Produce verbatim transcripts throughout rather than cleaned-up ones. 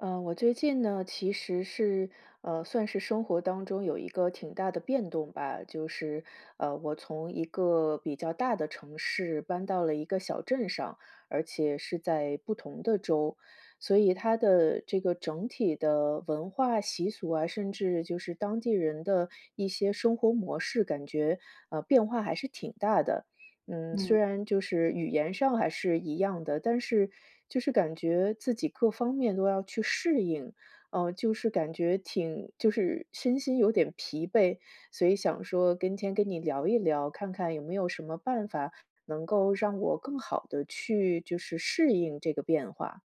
呃，我最近呢，其实是呃，算是生活当中有一个挺大的变动吧。就是，呃，我从一个比较大的城市搬到了一个小镇上，而且是在不同的州。所以它的这个整体的文化习俗啊，甚至就是当地人的一些生活模式，感觉，呃，变化还是挺大的。嗯，嗯。虽然就是语言上还是一样的，但是就是感觉自己各方面都要去适应，啊，就是感觉挺，就是身心有点疲惫。所以想说跟天跟你聊一聊，看看有没有什么办法能够让我更好地去，就是适应这个变化。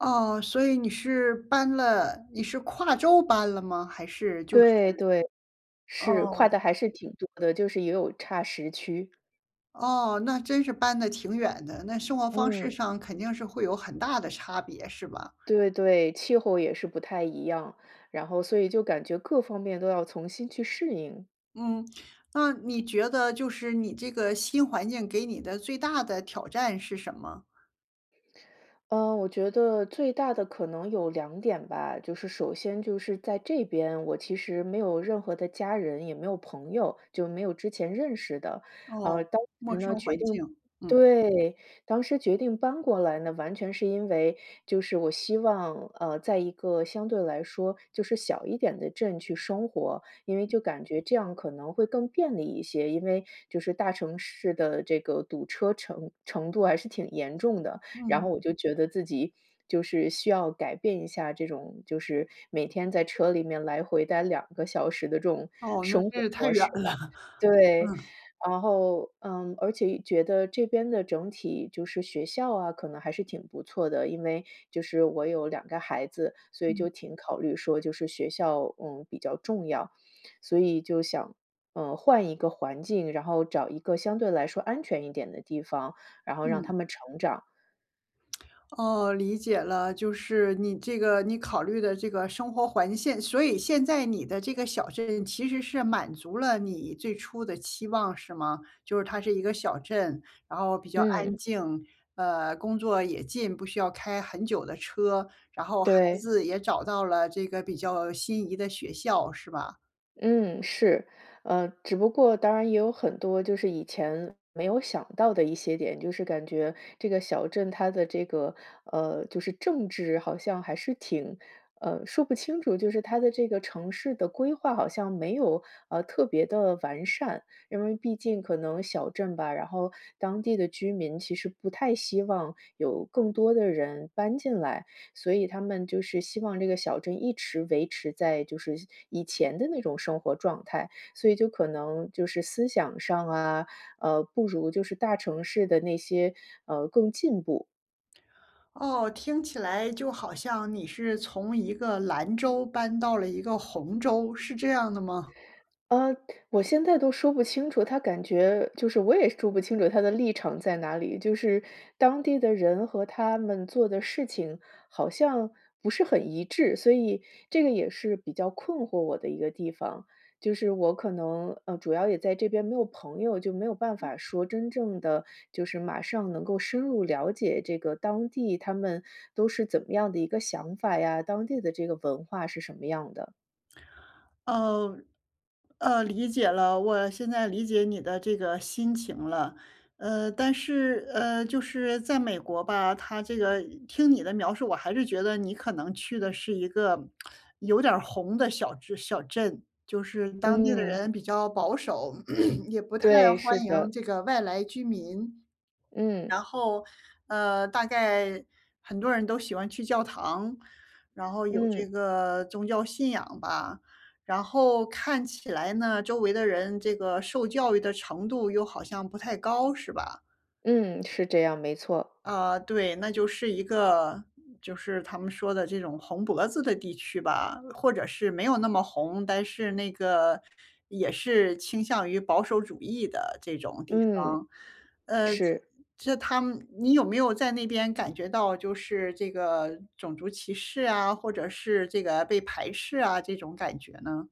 哦。所以你是搬了你是跨州搬了吗？还是就是对对。是。跨哦。得还是挺多的，就是也有差时区。哦。那真是搬得挺远的。那生活方式嗯。上肯定是会有很大的差别，是吧？对对。气候也是不太一样，然后所以就感觉各方面都要从新去适应。嗯，那你觉得就是你这个新环境给你的最大的挑战是什么？嗯，我觉得最大的可能有两点吧，就是首先就是在这边，我其实没有任何的家人，也没有朋友，就没有之前认识的。啊，哦，当时陌呢，生决环定境，嗯。对，当时决定搬过来呢，完全是因为就是我希望，呃，在一个相对来说就是小一点的镇去生活，因为就感觉这样可能会更便利一些，因为就是大城市的这个堵车程程度还是挺严重的，然嗯。后我就觉得自己就是需要改变一下，这种就是每天在车里面来回待两个小时的这种哦，那生这活也太模远式了。吧。对。嗯。然后，嗯，而且觉得这边的整体就是学校啊，可能还是挺不错的，因为就是我有两个孩子，所以嗯。就挺考虑说就是学校，嗯，比较重要，所以就想，呃，换一个环境，然后找一个相对来说安全一点的地方，然后让嗯。他们成长。哦，理解了，就是你这个你考虑的这个生活环现所以现在你的这个小镇，其实是满足了你最初的期望，是吗？就是它是一个小镇，然后比较安嗯。静。呃，工作也近，不需要开很久的车。然后，孩对。子也找到了这个比较心仪的学校，是吧？嗯，是。呃，只不过，当然也有很多就是以前没有想到的一些点，就是感觉这个小镇它的这个，呃，就是政治好像还是挺呃，说不清楚，就是它的这个城市的规划，好像没有，呃，特别的完善。因为毕竟可能小镇吧，然后当地的居民，其实不太希望有更多的人搬进来，所以他们就是希望这个小镇，一直维持在就是以前的那种生活状态，所以就可能就是思想上啊，呃，不如就是大城市的那些呃，更进步。哦，听起来就好像你是从一个蓝州搬到了一个红州，是这样的吗？呃，我现在都说不清楚，它感觉就是我也说不清楚它的立场在哪里。就是当地的人，和他们做的事情，好像不是很一致，所以这个也是比较困惑我的一个地方。就是我可能呃，主要也在这边没有朋友，就没有办法说真正地就是马上能够深入了解，这个当地他们都是怎么样的一个想法呀，当地的这个文化是什么样的。嗯。呃，理解了，我现在理解你的这个心情了。呃，但是呃，就是在美国吧，它这个听你的描述，我还是觉得你可能去的是一个 有点儿红的小镇小镇。就是当地的嗯。人比较保守，也不太对，是欢迎的。这个外来居民。嗯。然后，呃，大概很多人都喜欢去教堂，然后有嗯。这个宗教信仰吧。然后看起来呢，周围的人这个受教育的程度，又好像不太高，是吧？嗯，是这样，没错。啊，对，那就是一个就是他们说的这种红脖子的地区吧。或者是没有那么红，但是那个也是倾向于保守主义的这种地嗯，方。呃，这是。这他们你有没有在那边感觉到，就是这个种族歧视啊，或者是这个被排斥啊，这种感觉呢？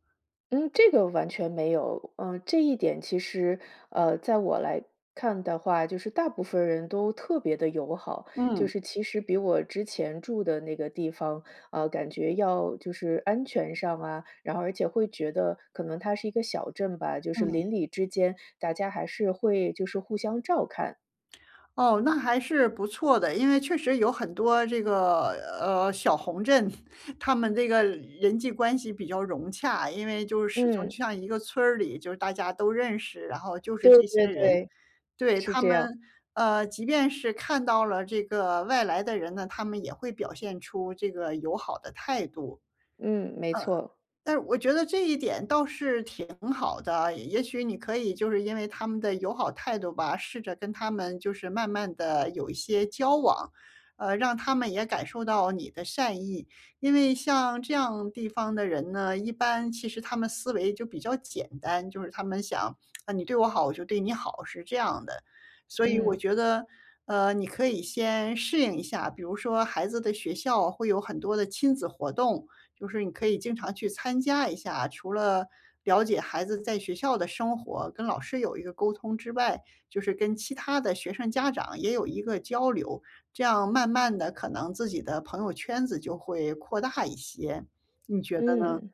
嗯，这个完全没有。嗯，这一点其实，呃，在我来看的话，就是大部分人都特别地友好。就嗯。是其实比我之前住的那个地方，啊，感觉要就是安全上啊然后而且会觉得，可能它是一个小镇吧，就是嗯。邻里之间大家还是会就是互相照看。哦，那还是不错的。因为确实有很多这个，呃，小红镇，他们这个人际关系比较融洽，因为就是始终嗯。就像一个村儿里就是大家都认识，然后就是对这些对人。对。对，是他这样。们，呃，即便是看到了这个外来的人呢，他们也会表现出这个友好的态度。嗯。嗯，没错。但是我觉得这一点倒是挺好的。也许你可以就是因为他们的友好态度吧，试着跟他们，就是慢慢地有一些交往，呃，让他们也感受到你的善意。因为像这样地方的人呢，一般其实他们思维就比较简单，就是他们想：“啊，你对我好，我就对你好”，是这样的。所以我嗯。觉得，呃，你可以先适应一下。比如说孩子的学校，会有很多的亲子活动，就是你可以经常去参加一下。除了了解孩子在学校的生活，跟老师有一个沟通之外，就是跟其他的学生家长也有一个交流。这样慢慢地，可能自己的朋友圈子就会扩大一些，你觉得呢？嗯，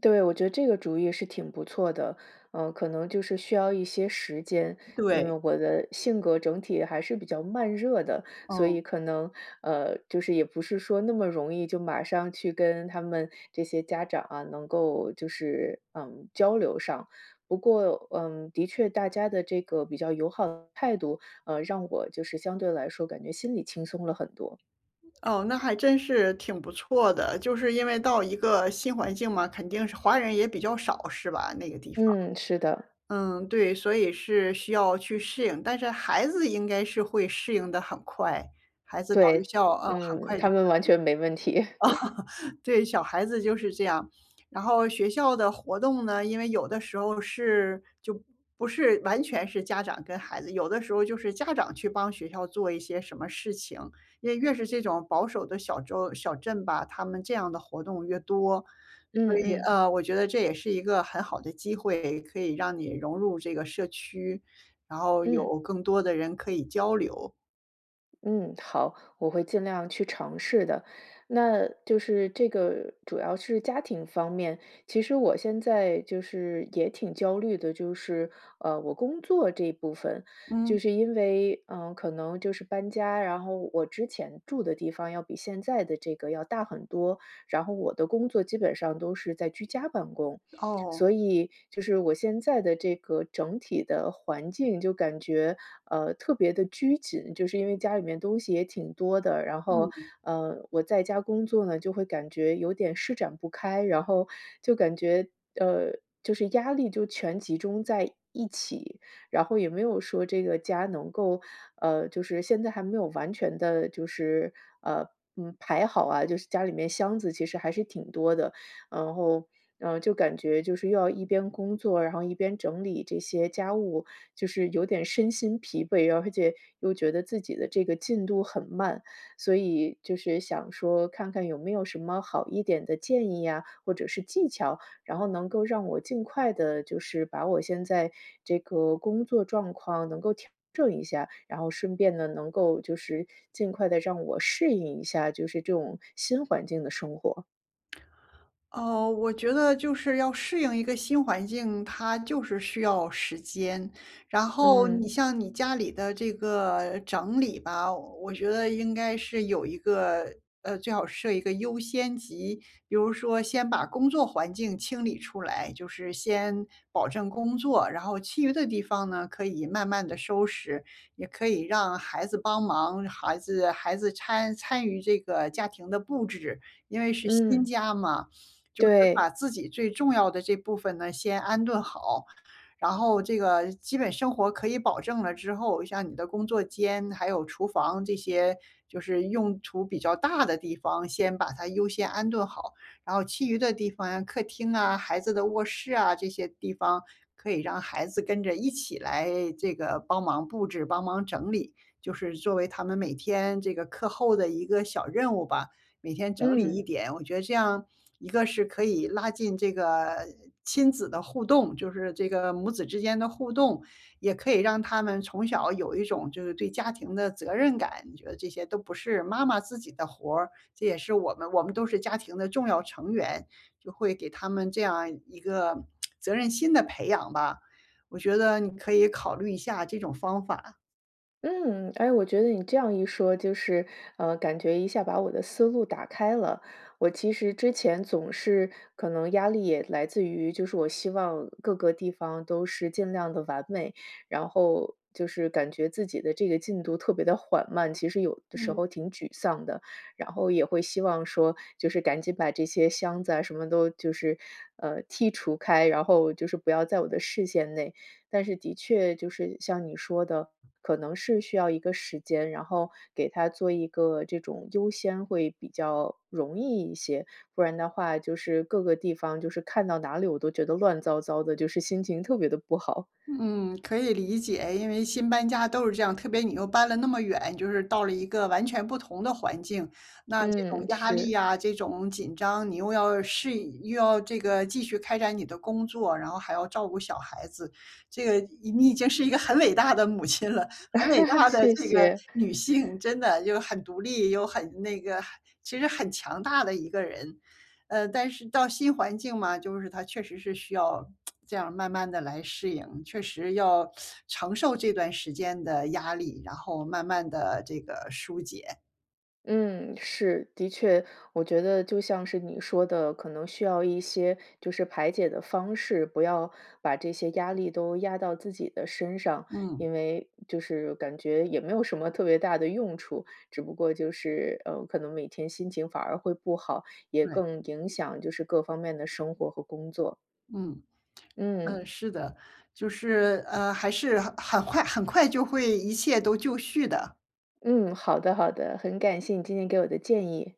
对，我觉得这个主意是挺不错的，呃，可能就是需要一些时间。因为对。我的性格整体还是比较慢热的，所哦。以可能呃，就是也不是说那么容易，就马上去跟他们这些家长啊，能够就是，嗯，交流上。不过，嗯，的确大家的这个比较友好的态度，呃，让我就是相对来说，感觉心里轻松了很多。哦，那还真是挺不错的。就是因为到一个新环境嘛，肯定是华人也比较少，是吧？那个地方。嗯，是的。嗯，对，所以是需要去适应。但是孩子应该是会适应得很快孩子到学对，校，呃，很嗯，快他就。们完全没问题。对，小孩子就是这样。然后学校的活动呢，因为有的时候是就不是完全是家长跟孩子。有的时候就是家长去帮学校做一些什么事情，因为越是这种保守的小州小镇吧，他们这样的活动越多。所嗯以，嗯。呃，我觉得这也是一个很好的机会，可以让你融入这个社区，然后嗯。有更多的人可以交流。嗯，好，我会尽量去尝试的。那就是这个主要是家庭方面，其实我现在就是也挺焦虑的，就是，呃，我工作这部分。嗯。就是因为，呃，可能就是搬家，然后我之前住的地方，要比现在的这个要大很多。然后我的工作基本上都是在居家办公，哦。所以，就是我现在的这个整体的环境，就感觉，呃，特别地拘谨，就是因为家里面东西也挺多的。然后，嗯。呃，我在家工作呢，就会感觉有点施展不开，然后就感觉，呃，就是压力就全集中在一起。然后也没有说这个家能够呃，就是现在还没有完全地就是，呃，嗯，排好啊，就是家里面箱子其实还是挺多的。然后，嗯，就感觉就是要一边工作，然后一边整理这些家务，就是有点身心疲惫，又而且又觉得自己的这个进度很慢。所以就是想说，看看有没有什么好一点的建议呀，或者是技巧，然后能够让我尽快地就是把我现在这个工作状况，能够调整一下。然后顺便呢，能够就是尽快地让我适应一下，就是这种新环境的生活。呃，我觉得就是要适应一个新环境，它就是需要时间。然后嗯。你像你家里的这个整理吧，我觉得应该是有一个呃，最好设一个优先级。比如说先把工作环境清理出来，就是先保证工作，然后其余的地方呢可以慢慢地收拾。也可以让孩子帮忙，孩子孩子摻参与这个家庭的布置，因为是新嗯。家嘛，就是把对。自己最重要的这部分呢先安顿好。然后这个基本生活可以保证了之后，像你的工作间，还有厨房，这些就是用处比较大的地方，先把它优先安顿好。然后其余的地方呀，客厅啊、孩子的卧室啊，这些地方可以让孩子跟着一起来这个帮忙布置、帮忙整理。就是作为他们每天这个课后的一个小任务吧，每天整理一嗯。点。我觉得这样，一个是可以拉近这个亲子的互动，就是这个母子之间的互动，也可以让他们从小有一种就是对家庭的责任感。你觉得这些都不是妈妈自己的活儿，这也是我们我们都是家庭的重要成员，就会给他们这样一个 责任心的培养吧。我觉得你可以考虑一下这种方法。嗯，哎，我觉得你这样一说，就是，呃，感觉一下把我的思路打开了。我其实之前，总是可能压力也来自于，就是我希望各个地方都是尽量地完美。然后就是感觉自己的这个进度特别地缓慢。其实有的时嗯。候挺沮丧的，然后也会希望说，就是赶紧把这些箱子啊什么都就是，呃，剔除开，然后就是不要在我的视线内。但是的确，就是像你说的，可能是需要一个时间，然后给它做一个这种优先，会比较容易一些。不然的话就是各个地方，就是看到哪里，我都觉得乱糟糟的，就是心情特别地不好。嗯，可以理解。因为新搬家都是这样，特别你又搬了那么远，你就是到了一个完全不同的环境。那这种嗯，压力是。啊，这种紧张，你又要适应，又要这个继续开展你的工作，然后还要照顾小孩子。这个已你已经是一个很伟大的母亲了，很伟 大的谢这个谢。女性，真的，就很独立，又很那个很其实很强大的一个人。呃，但是到新环境嘛，就是它确实是需要 这样慢慢地来适应，确实要 承受这段时间的压力，然后慢慢地这个疏解。嗯，是，的确。我觉得就像是你说的，可能需要一些就是排解的方式，不要把这些压力都压到自己的身上。嗯。因为就是感觉也没有什么特别大的用处，只不过就是，呃，可能每天心情反而会不好，也对。更影响就是各方面的生活和工作。嗯，嗯。嗯，是的，就是呃，还是很很快很快就会一切都就绪的。嗯，好的好的，很感谢你今天给我的建议。